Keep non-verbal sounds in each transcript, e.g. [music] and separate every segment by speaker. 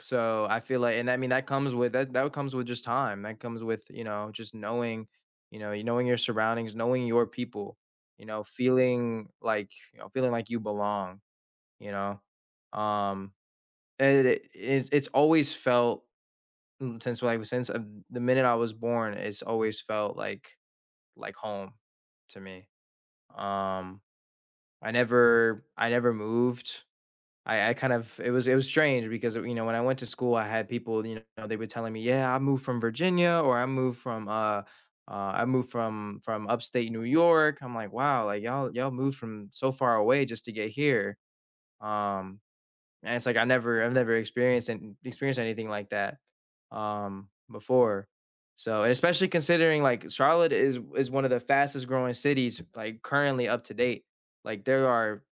Speaker 1: So, I feel like and, I mean, that comes with that that comes with just time; that comes with, you know, just knowing, you know, y knowing your surroundings, knowing your people, you know, feeling like, y know, feeling like you belong, you know? Um, and it i it's it's always felt, n since, well, I was since, uh, the minute I was born, it's always felt like like home to me. Um, I never I never moved. I I kind of it was it was strange because of you know, when I went to school, I had people, you know, they were telling me, "Yeah, I moved from Virginia," or "I moved from, uh uh, I moved from from Upstate New York." I'm like, "Wow, like, y'all y'all moved from so far away just to get here." Um, and it's like, I never I've never experienced an n experienced anything like that, um, before, so and, especially, considering, like, Charlotte is is one of the fastest-growing cities, like, currently, up to date. Like, there are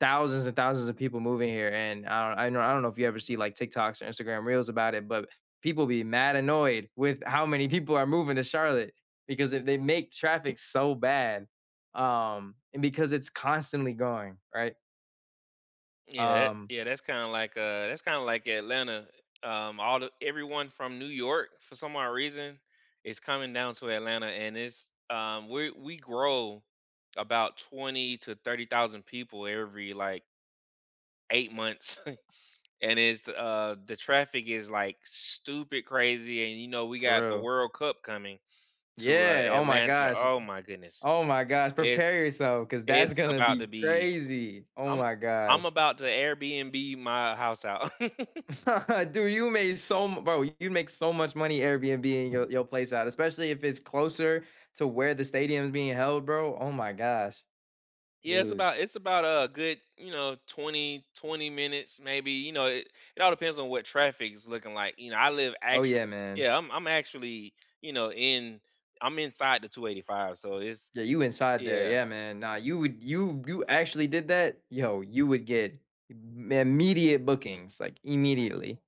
Speaker 1: thousands and thousands of people moving here and I don I know I don't know if you ever see, like, TikToks or Instagram Reels about it, but people be mad annoyed with how many people are moving to Charlotte because if they make traffic so bad, um, and because it's constantly going, right?
Speaker 2: Yeah it
Speaker 1: Um
Speaker 2: yeah, that's kinda like uh, that's kinda like Atlanta. Um, all the everyone from New York, for some odd reason, is coming down to Atlanta, and it's um, we we grow about twenty to 30,000 people every, like 8 months, [chuckles] and it's, uh the traffic is, like, stupid crazy, and, you know, we
Speaker 1: For
Speaker 2: got the
Speaker 1: real.
Speaker 2: World Cup coming to, uh,
Speaker 1: Yeah! Oh, my
Speaker 2: Atlanta.
Speaker 1: gosh.
Speaker 2: Oh, my goodness.
Speaker 1: Oh, my gosh.
Speaker 2: It
Speaker 1: Prepare yourself 'cause that's
Speaker 2: it's
Speaker 1: gonna
Speaker 2: about to
Speaker 1: be
Speaker 2: be
Speaker 1: crazy. Oh,
Speaker 2: I'm
Speaker 1: my
Speaker 2: I'm
Speaker 1: gosh.
Speaker 2: about to Airbnb my house out. [laughs]
Speaker 1: [laughs] Dude, you made so m bro, you'd make so much money Airbnb-ing your your place out, especially if it's closer to where the stadium is being held, bro. Oh, my gosh.
Speaker 2: Yeah, it's
Speaker 1: Dude.
Speaker 2: about it's about a good, you know, twenty twenty minutes maybe. You know, it it all depends on what traffic is looking like. You know, I live
Speaker 1: Oh,
Speaker 2: actual
Speaker 1: yeah, man.
Speaker 2: yeah, I'm I'm actually, you know, in I'm inside the 285, so, it's
Speaker 1: Yeah, you inside there.
Speaker 2: Yeah.
Speaker 1: Yeah, man. Nah, you would you you actually did that? Yo, you would get m immediate bookings, like, immediately.